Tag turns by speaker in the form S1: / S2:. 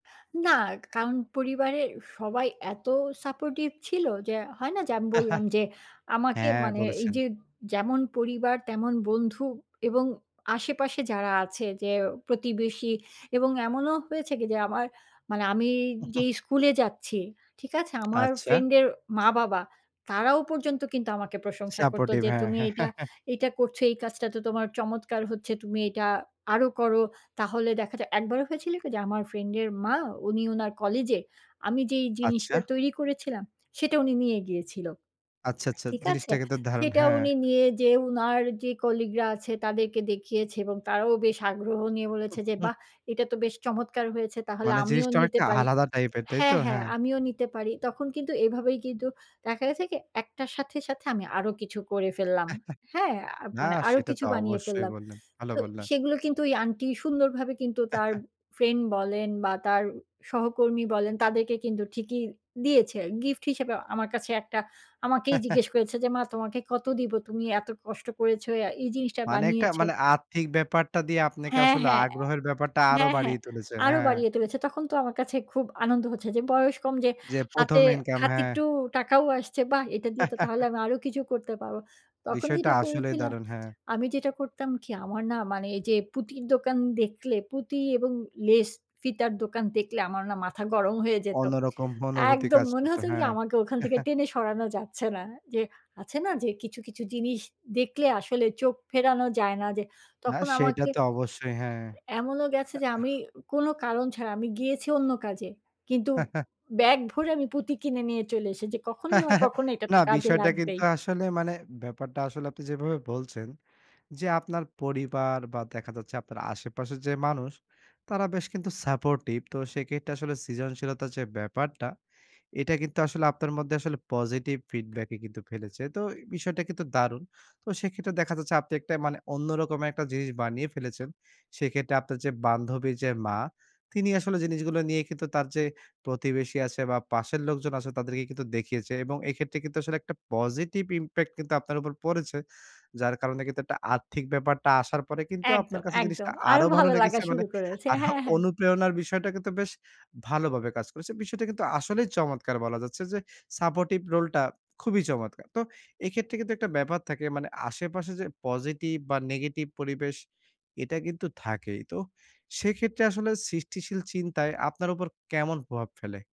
S1: না, কা কারণ পরিবারের সবাই এত সাপোর্টিভ ছিল যে হয় না? যে আমি বললাম যে আমাকে
S2: হ্যাঁ,
S1: মানে এই
S2: বলেছেন।
S1: যে যেমন পরিবার তেমন বন্ধু এবং আশেপাশে যারা আছে যে প্রতিবেশী এবং এমনও হয়েছে কি? যে আমার মানে আমি যেই স্কুলে যাচ্ছি, ঠিক আছে? আমার
S2: আচ্ছা।
S1: ফ্রেন্ডের মা-বাবা তারাও পর্যন্ত কিন্তু আমাকে প্রশংসা করত
S2: সাপোর্টিভ,
S1: যে,
S2: হ্যাঁ।
S1: "তুমি এইটা, এইটা করছো, এই কাজটা তো তোমার চমৎকার হচ্ছে! তুমি এটা আরো করো।" তাহলে দেখা যায় একবার হয়েছিল কি? যে আমার ফ্রেন্ডের মা উনি উনার কলেজে আমি যেই
S2: আচ্ছা।
S1: জিনিসটা তৈরি করেছিলাম, সেটা উনি নিয়ে গিয়েছিল।
S2: আচ্ছা, আচ্ছা।
S1: ঠিক আছে?
S2: জিনিসটা কিন্তু দারুণ!
S1: সেটা
S2: হ্যাঁ।
S1: উনি নিয়ে যেয়ে উনার যে কলিগরা আছে তাদেরকে দেখিয়েছে এবং তারাও বেশ আগ্রহ নিয়ে
S2: উ
S1: বলেছে,
S2: হু,
S1: যে
S2: হু।
S1: "বাহ! এটা তো বেশ চমৎকার হয়েছে! তাহলে
S2: মানে
S1: আমিও
S2: জিনিসটা
S1: নিতে
S2: অনেকটা
S1: পারি।"
S2: আলাদা টাইপের, তাইতো?
S1: হ্যাঁ, হ্যাঁ।
S2: হ্যাঁ।
S1: "আমিও নিতে পারি।" তখন কিন্তু এভাবেই কিন্তু দেখা গেছে কি? একটার সাথে, সাথে আমি আরো কিছু করে ফেললাম। হ্যাঁ? আ
S2: না
S1: মানে আরো
S2: সেটা
S1: কিছু
S2: তো
S1: বানিয়ে
S2: অবশ্যই
S1: ফেললাম।
S2: বললেন, ভালো
S1: তো
S2: বললেন।
S1: সেগুলো কিন্তু ওই আন্টি সুন্দরভাবে কিন্তু তার ফ্রেন্ড বলেন বা তার উম সহকর্মী বলেন তাদেরকে কিন্তু ঠিকই দিয়েছে। গিফট হিসেবে আমার কাছে একটা, আমাকেই জিজ্ঞেস করেছে যে "মা তোমাকে কত দিব? তুমি এত কষ্ট করেছ অ্যা এই জিনিসটা
S2: মানে একটা
S1: বানিয়েছ"।
S2: মানে আর্থিক ব্যাপারটা দিয়ে আপনাকে
S1: হ্যাঁ,
S2: আসলে
S1: হ্যাঁ,
S2: আগ্রহের ব্যাপারটা
S1: অ্যা
S2: আরো
S1: হ্যাঁ, হ্যাঁ।
S2: বাড়িয়ে তুলেছে।
S1: আরো
S2: হ্যাঁ।
S1: বাড়িয়ে তুলেছে। তখন তো আমার কাছে খুব আনন্দ হচ্ছে, যে বয়স কম যে
S2: যে
S1: হাতে
S2: ১ম ইনকাম,
S1: হাতে
S2: হ্যাঁ।
S1: একটু টাকাও আসছে বাহ! এটা দিয়ে তো তাহলে আমি আরো কিছু করতে পারবো। তখন
S2: বিষয়টা
S1: যেটা
S2: আসলেই
S1: করেছিলাম,
S2: দারুন! হ্যাঁ।
S1: আমি যেটা করতাম কি? আমার না মানে এই যে পুঁতির দোকান দেখলে পুঁতি এবং লেস ফিতার দোকান দেখলে আমার না মাথা গরম হয়ে যেত।
S2: অন্যরকম অনুভূতি
S1: একদম!
S2: কাজ
S1: মনে
S2: করতো,
S1: হত কি? যে
S2: হ্যাঁ।
S1: আমাকে ওখান থেকে টেনে সরানো যাচ্ছে না। অ্যা যে আছে না যে কিছু, কিছু জিনিস দেখলে আসলে চোখ ফেরানো যায় না। যে
S2: না,
S1: তখন
S2: সেটা
S1: আমাকে
S2: তো অবশ্যই। হ্যাঁ। না,
S1: এমনও গেছে যে আমি
S2: আহ
S1: কোন কারণ ছাড়া আমি গিয়েছি অন্য কাজে। কিন্তু ব্যাগ ভরে আমি পুঁতি কিনে নিয়ে চলে এসেছি, কখনো না কখনো এটা
S2: না,
S1: তো কাজে
S2: বিষয়টা কিন্তু
S1: লাগবেই।
S2: আসলে মানে ব্যাপারটা আসলে আপনি যেভাবে বলছেন, যে আপনার পরিবার বা দেখা যাচ্ছে, আপনার আশেপাশের যে মানুষ তারা বেশ কিন্তু সাপোর্টিভ। তো সেক্ষেত্রে আসলে সৃজনশীলতার যে ব্যাপারটা এটা কিন্তু আসলে আপনার মধ্যে আসলে পজিটিভ ফিডব্যাকই কিন্তু ফেলেছে। তো এ বিষয়টা কিন্তু দারুণ! তো সেক্ষেত্রে দেখা যাচ্ছে আপনি একটা মানে অন্য রকম একটা জিনিস বানিয়ে ফেলেছেন। সেক্ষেত্রে আপনার যে বান্ধবীর যে মা তিনি আসলে জিনিসগুলো নিয়ে কিন্তু তার যে প্রতিবেশী আছে বা পাশের লোকজন আছে তাদেরকে কিন্তু দেখিয়েছে এবং এক্ষেত্রে কিন্তু আসলে একটা পজিটিভ ইমপ্যাক্ট কিন্তু আপনার উপর পড়েছে। যার কারণে কিন্তু একটা আর্থিক ব্যাপারটা আসার পরে কিন্তু আপনার
S1: একদম,
S2: কাছে
S1: একদম।
S2: জিনিসটা
S1: আরো
S2: আরো ভালো
S1: ভালো লাগা
S2: লেগেছে মানে
S1: শুরু করেছে।
S2: আরও
S1: হ্যাঁ, হ্যাঁ।
S2: অনুপ্রেরণার বিষয়টা কিন্তু বেশ ভালোভাবে কাজ করেছে। বিষয়টা কিন্তু আসলেই চমৎকার বলা যাচ্ছে যে সাপোর্টিভ রোল টা খুবই চমৎকার! তো এক্ষেত্রে কিন্তু একটা ব্যাপার থাকে মানে আশেপাশে যে পজিটিভ বা নেগেটিভ পরিবেশ এটা কিন্তু থাকেই। তো সেক্ষেত্রে আসলে সৃষ্টিশীল চিন্তায় আপনার উপর কেমন প্রভাব ফেলে?